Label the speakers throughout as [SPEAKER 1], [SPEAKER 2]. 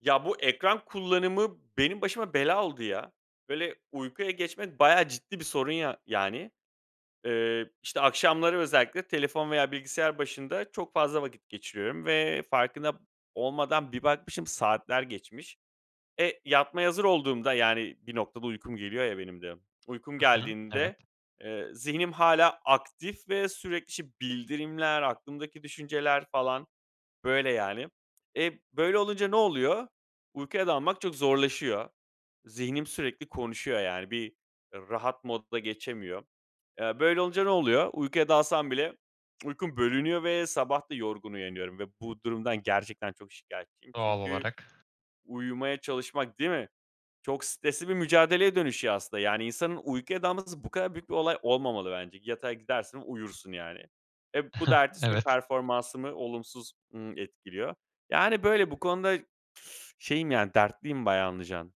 [SPEAKER 1] Ya, bu ekran kullanımı benim başıma bela oldu, ya. Böyle, uykuya geçmek bayağı ciddi bir sorun ya yani. Iıı, işte, akşamları özellikle telefon veya bilgisayar başında çok fazla vakit geçiriyorum ve farkında p olmadan bir bakmışım saatler geçmiş. Eee, yatmaya hazır olduğumda, yani, bir noktada uykum geliyor ya benim de uykum
[SPEAKER 2] Hı hı. Evet.
[SPEAKER 1] geldiğinde, eee, zihnim hâlâ aktif ve sürekli, işte, bildirimler, aklımdaki düşünceler falan. Böyle, yani. E, böyle olunca ne oluyor? Uykuya dalmak çok zorlaşıyor. Zihnim sürekli konuşuyor, yani. Bir rahat modda geçemiyor. Iıı, böyle olunca ne oluyor? Uykuya dalsam bile uykum bölünüyor ve sabah da yorgun uyanıyorum ve bu durumdan gerçekten çok şikâyetçiyim
[SPEAKER 2] Doğal
[SPEAKER 1] çünkü
[SPEAKER 2] olarak.
[SPEAKER 1] uyumaya çalışmak değil mi? Çok stresli bir mücadeleye dönüşüyor aslında. Yani, insanın uykuya dalması bu kadar büyük bir olay olmamalı bence. Yatağa gidersin, uyursun, yani. E, bu da ertesi gün
[SPEAKER 2] Evet.
[SPEAKER 1] performansımı olumsuz, ımm, etkiliyor. Yani, böyle bu konuda şeyim, yani, dertliyim bayağı anlayacağın.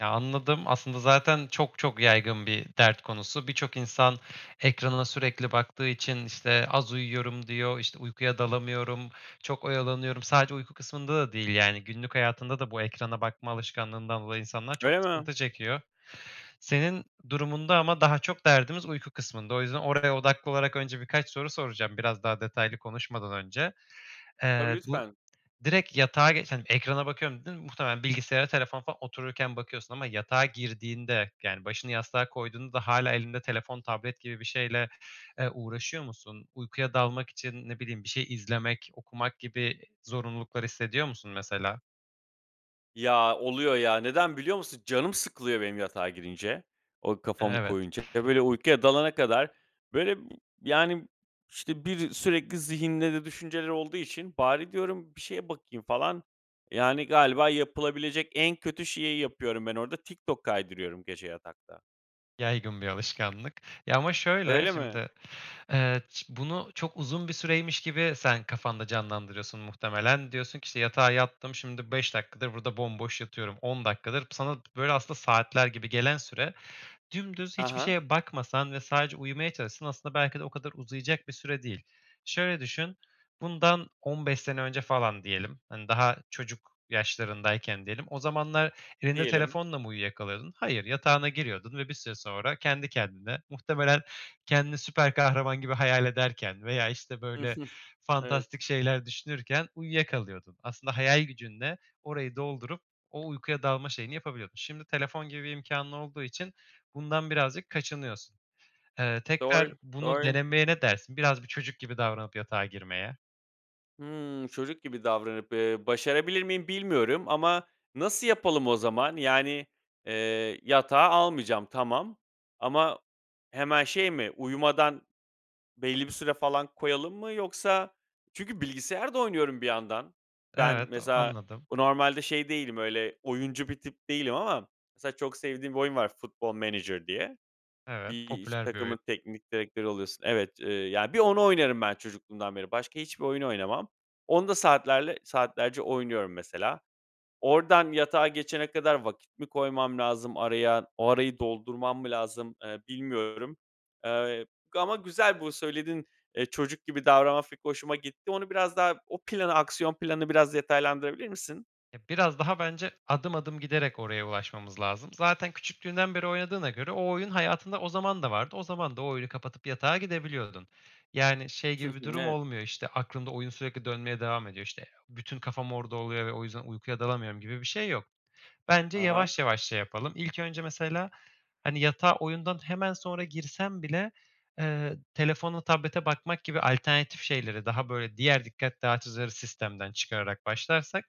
[SPEAKER 2] Ya, anladım. Aslında zaten çok çok yaygın bir dert konusu. Birçok insan ekranına sürekli baktığı için, işte, "Az uyuyorum." diyor, işte, "Uykuya dalamıyorum, çok oyalanıyorum." Sadece uyku kısmında da değil, yani, günlük hayatında da bu ekrana bakma alışkanlığından dolayı insanlar çok
[SPEAKER 1] Öyle mi?
[SPEAKER 2] sıkıntı çekiyor. Senin durumunda ama daha çok derdimiz uyku kısmında. O yüzden oraya odaklı olarak önce birkaç soru soracağım, biraz daha detaylı konuşmadan önce.
[SPEAKER 1] Tabii,
[SPEAKER 2] Eee, bu,
[SPEAKER 1] lütfen.
[SPEAKER 2] "Direkt yatağa geç hani, ekrana bakıyorum." dedin, muhtemelen bilgisayara, telefona falan otururken bakıyorsun ama yatağa girdiğinde, yani, başını yastığa koyduğunda da hâlâ elinde telefon, tablet gibi bir şeyle, eee, uğraşıyor musun? Uykuya dalmak için, ne bileyim, bir şey izlemek, okumak gibi zorunluluklar hissediyor musun, mesela?
[SPEAKER 1] Ya, oluyor ya, neden biliyor musun? Canım sıkılıyor benim yatağa girince, o kafamı
[SPEAKER 2] Evet.
[SPEAKER 1] koyunca. Ya, böyle, uykuya dalana kadar, böyle, yani, işte, bir sürekli zihinde de düşünceler olduğu için, "Bari," diyorum, "bir şeye bakayım," falan. Yani, galiba yapılabilecek en kötü şeyi yapıyorum ben orada. TikTok kaydırıyorum gece yatakta.
[SPEAKER 2] Yaygın bir alışkanlık. Ya, ama şöyle,
[SPEAKER 1] Öyle mi?
[SPEAKER 2] şimdi, eee, bunu çok uzun bir süreymiş gibi sen kafanda canlandırıyorsun muhtemelen. Diyorsun ki, işte, "Yatağa yattım, şimdi 5 dakikadır burada bomboş yatıyorum 10 dakikadır." Sana, böyle, aslında saatler gibi gelen süre, dümdüz
[SPEAKER 1] Ha
[SPEAKER 2] hiçbir
[SPEAKER 1] ha.
[SPEAKER 2] şeye bakmasan ve sadece uyumaya çalışsan, aslında belki de o kadar uzayacak süre değil. Şöyle düşün, bundan 15 sene önce falan diyelim, hani, daha çocuk yaşlarındayken diyelim, o zamanlar elinde
[SPEAKER 1] Diyelim.
[SPEAKER 2] telefonla mı uyuyakalıyordun? Hayır, yatağına giriyordun ve bir süre sonra kendi kendine muhtemelen kendini süper kahraman gibi hayal ederken veya, işte, böyle,
[SPEAKER 1] Evet.
[SPEAKER 2] fantastik şeyler düşünürken uyuyakalıyordun. Aslında hayal gücünle orayı doldurup o uykuya dalma şeyini yapabiliyordun. Şimdi telefon gibi bir imkânın olduğu için bundan birazcık kaçınıyorsun. Eee,
[SPEAKER 1] Doğru,
[SPEAKER 2] tekrar bunu
[SPEAKER 1] doğru.
[SPEAKER 2] denemeye ne dersin? Biraz bir çocuk gibi davranıp yatağa girmeye.
[SPEAKER 1] Hımm, çocuk gibi davranıp, eee, başarabilir miyim bilmiyorum ama nasıl yapalım o zaman? Yani, eee, yatağa almayacağım, tamam ama hemen şey mi, uyumadan belli bir süre falan koyalım mı yoksa Çünkü bilgisayar da oynuyorum bir yandan. Ben
[SPEAKER 2] Evet
[SPEAKER 1] mesela
[SPEAKER 2] anladım.
[SPEAKER 1] normalde şey değilim, öyle, oyuncu bir tip değilim ama mesela çok sevdiğim bir oyun var, Football Manager diye.
[SPEAKER 2] Evet,
[SPEAKER 1] Bir iş
[SPEAKER 2] popüler bir oyun.
[SPEAKER 1] takımın teknik direktörü oluyorsun. Evet, eee, ya, bir onu oynarım ben çocukluğumdan beri. Başka hiçbir oyunu oynamam. Onda saatlerle saatlerce oynuyorum mesela. Oradan yatağa geçene kadar vakit mi koymam lazım araya? O arayı doldurmam mı lazım, eee, bilmiyorum, eee, g ama güzel bu söylediğin, eee, çocuk gibi davranma fikri hoşuma gitti. Onu biraz daha, o planı, aksiyon planını biraz detaylandırabilir misin?
[SPEAKER 2] E, biraz daha bence adım, adım giderek oraya ulaşmamız lazım. Zaten küçüklüğünden beri oynadığına göre o oyun hayatında o zaman da vardı. O zaman da o oyunu kapatıp yatağa gidebiliyordun. Yani, şey,
[SPEAKER 1] Hı hı,
[SPEAKER 2] gibi bir durum
[SPEAKER 1] evet.
[SPEAKER 2] olmuyor, işte, aklında oyun sürekli dönmeye devam ediyor, işte, eee, bütün kafam orada oluyor ve o yüzden uykuya dalamıyorum gibi bir şey yok. Bence
[SPEAKER 1] Ha ha.
[SPEAKER 2] yavaş, yavaş şey yapalım. İlk önce mesela, hani, yatağa oyundan hemen sonra girsen bile, eee, telefona, tablete bakmak gibi alternatif şeyleri daha böyle diğer dikkat dağıtıcıları sistemden çıkararak başlarsak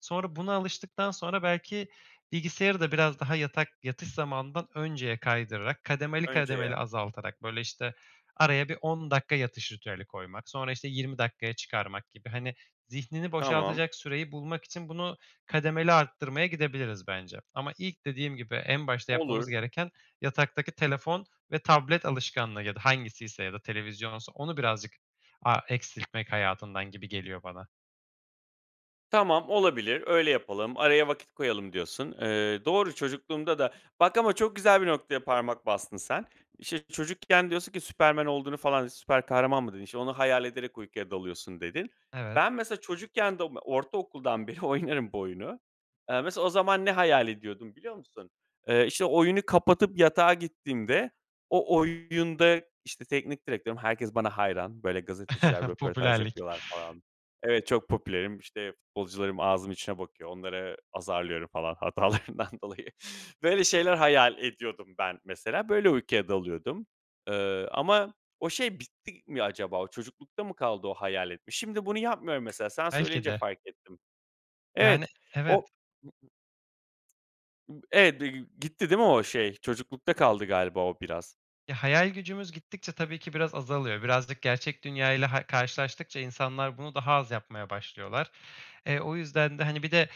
[SPEAKER 2] sonra buna alıştıktan sonra belki bilgisayarı da biraz daha yatak yatış zamanından önceye kaydırarak kademeli, kademeli
[SPEAKER 1] Önceye.
[SPEAKER 2] azaltarak, böyle, işte, araya bir 10 dakika yatış ritüeli koymak sonra, işte, 20 dakikaya çıkarmak gibi, hani, zihnini
[SPEAKER 1] Tamam.
[SPEAKER 2] boşaltacak süreyi bulmak için bunu kademeli arttırmaya gidebiliriz bence. Ama ilk dediğim gibi en başta yapmamız
[SPEAKER 1] Olur.
[SPEAKER 2] gereken, yataktaki telefon ve tablet alışkanlığı ya da hangisiyse ya da televizyonsa onu birazcık a eksiltmek hayatından gibi geliyor bana.
[SPEAKER 1] "Tamam, olabilir, öyle yapalım, araya vakit koyalım." diyorsun. Eee, doğru, çocukluğumda da Bak ama çok güzel bir noktaya parmak bastın sen. İşte, çocukken diyorsun ki Superman olduğunu falan süper kahraman mı dedin? İşte, "Onu hayal ederek uykuya dalıyorsun." dedin.
[SPEAKER 2] Evet.
[SPEAKER 1] Ben, mesela, çocukken de oma ortaokuldan beri oynarım bu oyunu. Eee, mesela, o zaman ne hayal ediyordum biliyor musun? Eee, işte, oyunu kapatıp yatağa gittiğimde o oyunda, işte, teknik direktörüm, herkes bana hayran. Böyle, gazeteciler röportaj
[SPEAKER 2] Popülerlik.
[SPEAKER 1] yapıyorlar falan Evet, çok popülerim, işte, futbolcularım ağzımın içine bakıyor. Onları azarlıyorum falan hatalarından dolayı. Böyle şeyler hayal ediyordum ben mesela. Böyle uykuya dalıyordum, eee, ama o şey bitti mi acaba? O çocuklukta mı kaldı o hayal etme? Şimdi bunu yapmıyorum mesela. Sen
[SPEAKER 2] Belki
[SPEAKER 1] söyleyince
[SPEAKER 2] de.
[SPEAKER 1] fark ettim.
[SPEAKER 2] Yani,
[SPEAKER 1] Evet, o
[SPEAKER 2] evet.
[SPEAKER 1] Evet bir gü gitti değil mi o şey? Çocuklukta kaldı galiba o biraz.
[SPEAKER 2] Ya, hayal gücümüz gittikçe tabii ki biraz azalıyor. Birazcık gerçek dünyayla hay karşılaştıkça insanlar bunu daha az yapmaya başlıyorlar. E, o yüzden de, hani Bir de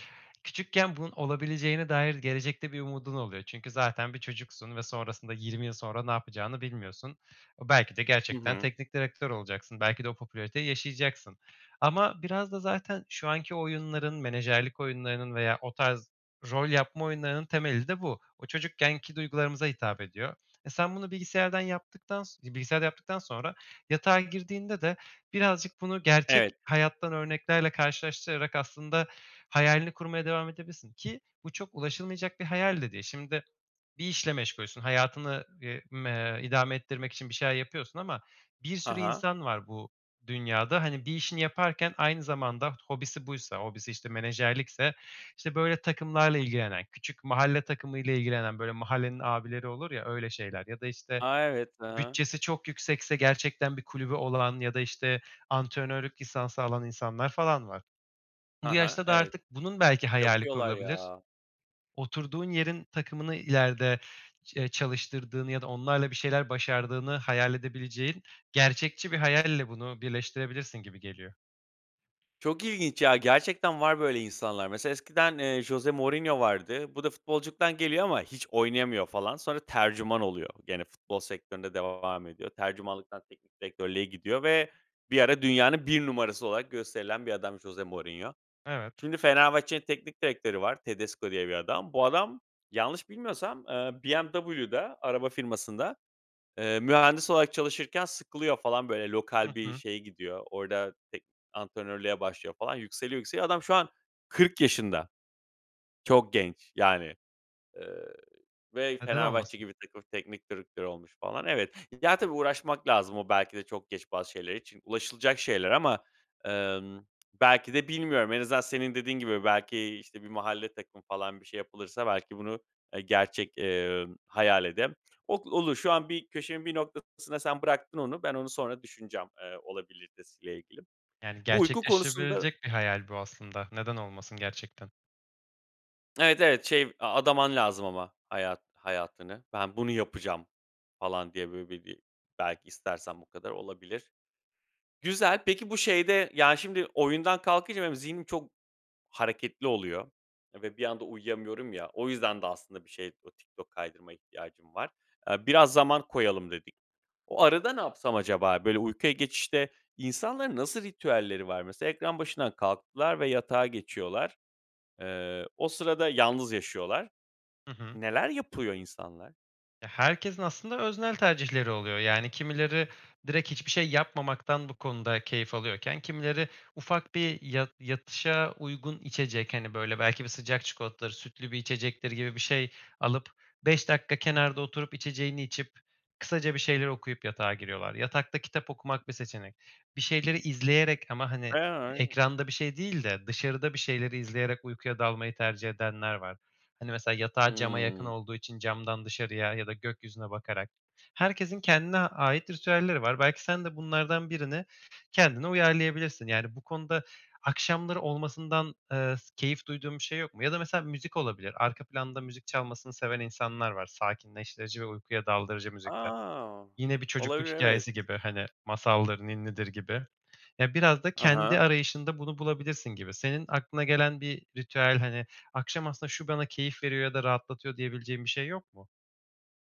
[SPEAKER 2] küçükken bunun olabileceğine dair gelecekte bir umudun oluyor çünkü zaten bir çocuksun ve sonrasında 20 yıl sonra ne yapacağını bilmiyorsun. E, belki de
[SPEAKER 1] Hı
[SPEAKER 2] gerçekten
[SPEAKER 1] hı.
[SPEAKER 2] teknik direktör olacaksın. Belki de o popülariteyi yaşayacaksın ama biraz da zaten şu anki oyunların, menajerlik oyunlarının veya o tarz rol yapma oyunlarının temeli de bu. O çocukkenki duygularımıza hitap ediyor. E, sen bunu bilgisayardan yaptıktan so bilgisayarda yaptıktan sonra yatağa girdiğinde de birazcık bunu gerçek
[SPEAKER 1] Evet.
[SPEAKER 2] hayattan örneklerle karşılaştırarak, aslında, hayalini kurmaya devam edebilirsin ki bu çok ulaşılmayacak bir hayal de değil. Şimdi, bir işle meşgulsün, hayatını, eee, m eee, idame ettirmek için bir şeyler yapıyorsun ama bir
[SPEAKER 1] Ha
[SPEAKER 2] sürü
[SPEAKER 1] ha.
[SPEAKER 2] insan var bu dünyada. Hani, bir işini yaparken aynı zamanda hobisi buysa hobisi, işte, menajerlikse, işte, böyle, takımlarla ilgilenen, küçük mahalle takımıyla ilgilenen, böyle, mahallenin abileri olur ya, öyle şeyler ya da, işte,
[SPEAKER 1] A, evet, hı hı.
[SPEAKER 2] bütçesi çok yüksekse gerçekten bir kulübü olan ya da, işte, antrenörlük lisansı alan insanlar falan var. Bu
[SPEAKER 1] Ha ha,
[SPEAKER 2] yaşta da
[SPEAKER 1] evet.
[SPEAKER 2] artık bunun, belki, hayali
[SPEAKER 1] Yapıyorlar
[SPEAKER 2] kurulabilir.
[SPEAKER 1] ya.
[SPEAKER 2] Oturduğun yerin takımını ileride ç eee, çalıştırdığını ya da onlarla bir şeyler başardığını hayal edebileceğin gerçekçi bir hayalle bunu birleştirebilirsin gibi geliyor.
[SPEAKER 1] Çok ilginç ya, gerçekten var böyle insanlar. Mesela, eskiden, eee, Jose Mourinho vardı. Bu da futbolculuktan geliyor ama hiç oynayamıyor falan. Sonra tercüman oluyor. Gene futbol sektöründe devam ediyor. Tercümanlıktan teknik direktörlüğe gidiyor ve bir ara dünyanın 1 numarası olarak gösterilen bir adammış Jose Mourinho.
[SPEAKER 2] Evet.
[SPEAKER 1] Şimdi Fenerbahçe'nin teknik direktörü var. Tedesco diye bir adam. Bu adam yanlış bilmiyorsam, eee, BMW'de, araba firmasında, eee, mühendis olarak çalışırken sıkılıyor, falan, böyle
[SPEAKER 2] Hı
[SPEAKER 1] lokal bir
[SPEAKER 2] hı.
[SPEAKER 1] şeye gidiyor. Orada tek antrenörlüğe başlıyor falan. Yükseliyor, yükseliyor. Adam şu an 40 yaşında. Çok genç, yani, eee, ve
[SPEAKER 2] Neden
[SPEAKER 1] Fenerbahçe
[SPEAKER 2] olmasın.
[SPEAKER 1] gibi takımın teknik direktörü olmuş falan. Evet. Ya, tabii, uğraşmak lazım o, belki de, çok geç bazı şeyler için. Ulaşılacak şeyler ama, emm, belki de bilmiyorum. En azından senin dediğin gibi, belki, işte, bir mahalle takımı falan bir şey yapılırsa, belki, bunu ı gerçek, eee, hayal edem o olur. Şu an bir köşemin bir noktasına sen bıraktın onu. Ben onu sonra düşüneceğim, eee, olabiliritesi ile ilgili.
[SPEAKER 2] Yani,
[SPEAKER 1] Bu uyku konusunda
[SPEAKER 2] gerçekleştirilebilecek bir hayal bu aslında, neden olmasın gerçekten?
[SPEAKER 1] Evet, evet şey a adaman lazım ama hayat hayatını. "Ben bunu yapacağım." falan diye, böyle, bi bi belki istersem bu kadar olabilir. Güzel. Peki, bu şeyde, ya, şimdi oyundan kalkınca benim zihnim çok hareketli oluyor ve bir anda uyuyamıyorum ya o yüzden de aslında bir şeye, o TikTok kaydırmaya ihtiyacım var. Eee, biraz zaman koyalım dedik. O arada ne yapsam acaba? Böyle, uykuya geçişte insanların nasıl ritüelleri var mesela? Ekran başından kalktılar ve yatağa geçiyorlar. Eee, o sırada yalnız yaşıyorlar.
[SPEAKER 2] Hı hı.
[SPEAKER 1] Neler yapıyor insanlar?
[SPEAKER 2] Ya, herkesin aslında öznel tercihleri oluyor, yani kimileri direkt hiçbir şey yapmamaktan bu konuda keyif alıyorken kimileri ufak bir ya yatışa uygun içecek, hani, böyle belki bir sıcak çikolatadır, sütlü bir içecektir gibi bir şey alıp, 5 dakika kenarda oturup, içeceğini içip, kısaca bir şeyler okuyup yatağa giriyorlar. Yatakta kitap okumak bir seçenek. Bir şeyleri izleyerek ama, hani,
[SPEAKER 1] [unintelligible]
[SPEAKER 2] ekranda bir şey değil de dışarıda bir şeyleri izleyerek uykuya dalmayı tercih edenler var. Hani, mesela yatağı cama yakın
[SPEAKER 1] Hımm.
[SPEAKER 2] olduğu için camdan dışarıya ya da gökyüzüne bakarak. Herkesin kendine ait ritüelleri var. Belki sen de bunlardan 1'ini kendine uyarlayabilirsin, yani, bu konuda akşamları olmasından, ııı, s keyif duyduğun bir şey yok mu? Ya da mesela müzik olabilir. Arka planda müzik çalmasını seven insanlar var. Sakinleştirici ve uykuya daldırıcı müzikler.
[SPEAKER 1] A!
[SPEAKER 2] Yine, bir çocukluk
[SPEAKER 1] Olabilir, evet.
[SPEAKER 2] hikâyesi gibi, hani, masaldır, ninnidir gibi. Ya, biraz da
[SPEAKER 1] Ha
[SPEAKER 2] kendi
[SPEAKER 1] ha.
[SPEAKER 2] arayışında bunu bulabilirsin gibi. Senin aklına gelen bir ritüel, hani, akşam aslında şu bana keyif veriyor ya da rahatlatıyor diyebileceğim bir şey yok mu?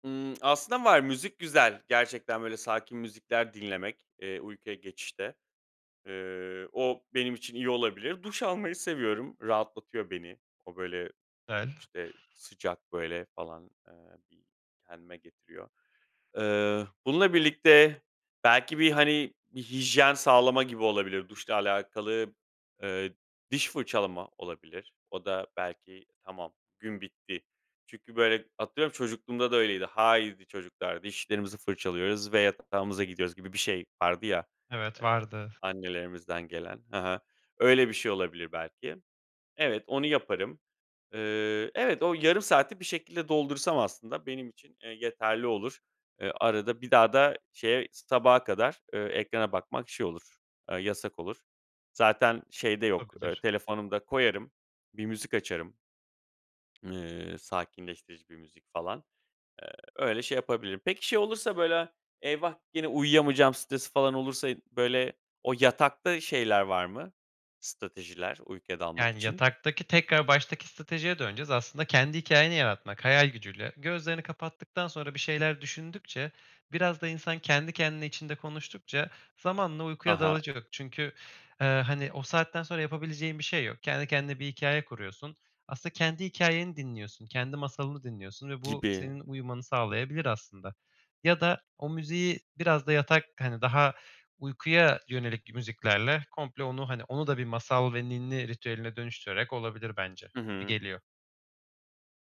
[SPEAKER 1] Hımm. Aslında var, müzik güzel. Gerçekten, böyle, sakin müzikler dinlemek, eee, uykuya geçişte. Iıı, o benim için iyi olabilir. Duş almayı seviyorum, rahatlatıyor beni. O, böyle, işte,
[SPEAKER 2] [unintelligible]
[SPEAKER 1] sıcak, böyle, falan, eee, bir kendime getiriyor. Eee, bununla birlikte belki bir, hani, bir hijyen sağlama gibi olabilir. Duşla alakalı, ııı, diş fırçalama olabilir. O da belki tamam, gün bitti çünkü, böyle, atıyorum, çocukluğumda da öyleydi. "Haydi çocuklar, dişlerimizi fırçalıyoruz ve yatağımıza gidiyoruz." gibi bir şey vardı ya,
[SPEAKER 2] Evet,
[SPEAKER 1] eee,
[SPEAKER 2] vardı.
[SPEAKER 1] annelerimizden gelen. Hı hı. Öyle bir şey olabilir belki. Evet, onu yaparım. Iıı, evet, o yarım saati bir şekilde doldursam aslında benim için, eee, yeterli olur. Iıı, arada bir daha da şeye s sabaha kadar, ııı, ekrana bakmak, şey, olur, aaa, yasak olur. Zaten şey de yok, ııı,
[SPEAKER 2] Olabilir.
[SPEAKER 1] telefonum da koyarım, bir müzik açarım. Iıı, sakinleştirici bir müzik falan. Eee, öyle şey yapabilirim. Peki, şey olursa, böyle, "Eyvah, gene uyuyamayacağım." stresi falan olursa i böyle o yatakta şeyler var mı, stratejiler, uykuya dalmak
[SPEAKER 2] Yani,
[SPEAKER 1] için?
[SPEAKER 2] yataktaki tekrar baştaki stratejiye döneceğiz. Aslında kendi hikâyeni yaratmak, hayal gücüyle, gözlerini kapattıktan sonra bir şeyler düşündükçe, biraz da insan kendi kendine içinde konuştukça, zamanla
[SPEAKER 1] Ha
[SPEAKER 2] uykuya
[SPEAKER 1] ha.
[SPEAKER 2] dalacak çünkü, eee, hani, o saatten sonra yapabileceğin bir şey yok. Kendi kendine bir hikâye kuruyorsun. Aslında kendi hikâyeni dinliyorsun, kendi masalını dinliyorsun ve bu
[SPEAKER 1] Gibi.
[SPEAKER 2] senin uyumanı sağlayabilir aslında. Ya da o müziği biraz da yatak, hani, daha uykuya yönelik müziklerle komple onu, hani, onu da bir masal ve ninni ritüeline dönüştürerek olabilir bence,
[SPEAKER 1] Hı
[SPEAKER 2] gibi
[SPEAKER 1] hı.
[SPEAKER 2] geliyor.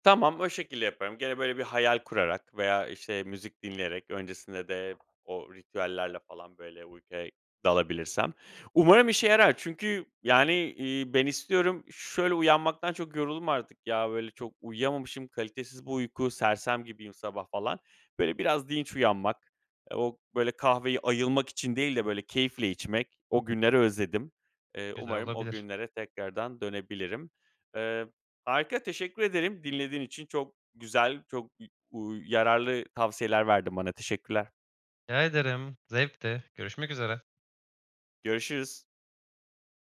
[SPEAKER 1] Tamam, o şekilde yaparım. Gene, böyle, bir hayal kurarak veya, işte, müzik dinleyerek, öncesinde de o ritüellerle falan böyle uykuya dalabilirsem. Umarım işe yarar çünkü, yani, iii, ben istiyorum, şöyle uyanmaktan çok yoruldum artık, ya, böyle, çok uyuyamamışım, kalitesiz bir uyku, sersem gibiyim sabah, falan. Böyle biraz dinç uyanmak, eee, o, böyle, kahveyi ayılmak için değil de, böyle, keyifle içmek, o günleri özledim. Eee,
[SPEAKER 2] Güzel
[SPEAKER 1] umarım o
[SPEAKER 2] olabilir.
[SPEAKER 1] günlere tekrardan dönebilirim. Eee, harika, teşekkür ederim dinlediğin için. Çok güzel, çok, i uuu, yararlı tavsiyeler verdin bana. Teşekkürler.
[SPEAKER 2] Rica ederim, zevkti. Görüşmek üzere.
[SPEAKER 1] Görüşürüz.